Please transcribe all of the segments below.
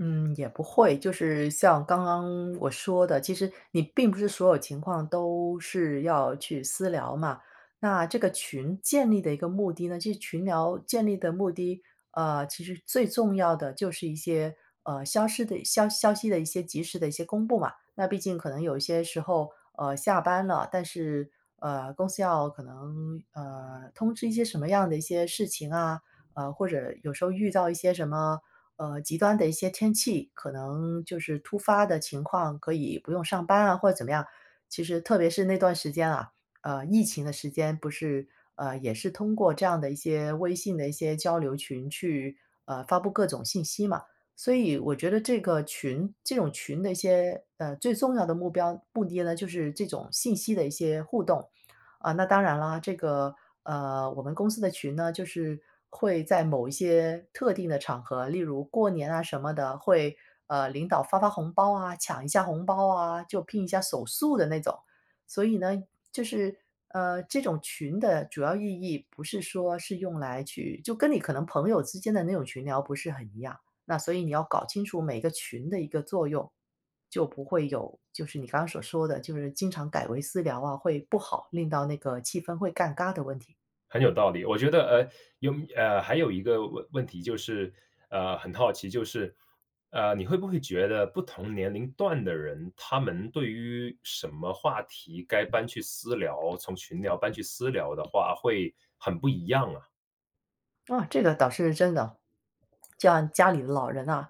嗯，也不会。就是像刚刚我说的，其实你并不是所有情况都是要去私聊嘛。那这个群建立的一个目的呢就是群聊建立的目的啊，其实最重要的就是一些，呃，消失的消消息的一些及时的一些公布嘛。那毕竟可能有一些时候，呃，下班了，但是，呃，公司要可能，呃，通知一些什么样的一些事情啊，呃，或者有时候遇到一些什么，呃，极端的一些天气，可能就是突发的情况可以不用上班啊，或者怎么样。其实特别是那段时间啊，呃，疫情的时间不是，呃，也是通过这样的一些微信的一些交流群去，呃，发布各种信息嘛。所以我觉得这个群这种群的一些，呃，最重要的目标目的呢，就是这种信息的一些互动。呃，那当然了，这个啊，我们公司的群呢，就是会在某一些特定的场合，例如过年啊什么的，会，呃，领导发发红包啊，抢一下红包啊，就拼一下手速的那种。所以呢，就是，呃，这种群的主要意义不是说是用来去就跟你可能朋友之间的那种群聊不是很一样，那所以你要搞清楚每个群的一个作用。就不会有就是你刚才所说的，就是经常改为私聊啊，会不好，令到那个气氛会尴尬的问题。很有道理，我觉得，呃。有，啊，还有一个问问题，就是，呃，很好奇，就是，呃，你会不会觉得不同年龄段的人，他们对于什么话题该搬去私聊，从群聊搬去私聊的话会很不一样啊？啊，这个倒是真的。像家里的老人啊，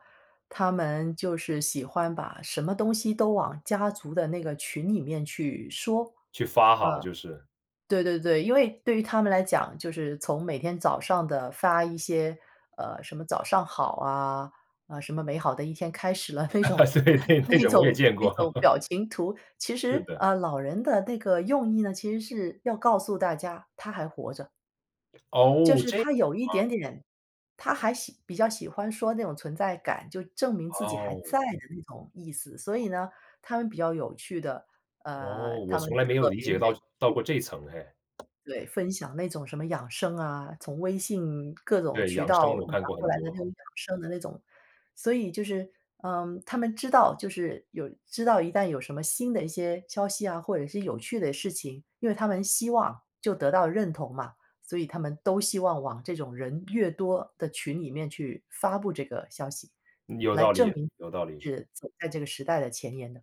他们就是喜欢把什么东西都往家族的那个群里面去说。啊，去发哈，就是。对对对，因为对于他们来讲，就是从每天早上的发一些，呃，什么早上好啊，呃，什么美好的一天开始了，那种对，那那那种我也种见那过。种 表情图。其是实，的。呃，老人的那个用意呢，其实是要告诉大家他还活着。就哦，是这样他有一啊。点点，他还喜比较喜欢说那种存在感，就证明自己还在哦。的那种意思，所以呢，他们比较有趣的，啊，哦，我他们从来没有特理别愿解到意到去。过这层哎。对，分享那种什么养生啊，从微信各种对，渠养生道我拿看过过很来的那多。种养生的那种。所以就是，嗯，他们知道就是有知道一旦有什么新的一些消息啊，或者是有趣的事情，因为他们希望就得到认同嘛，所以他们都希望往这种人越多的群里面去发布这个消息有来道证理，明有道理。是走在这个时代的前沿的。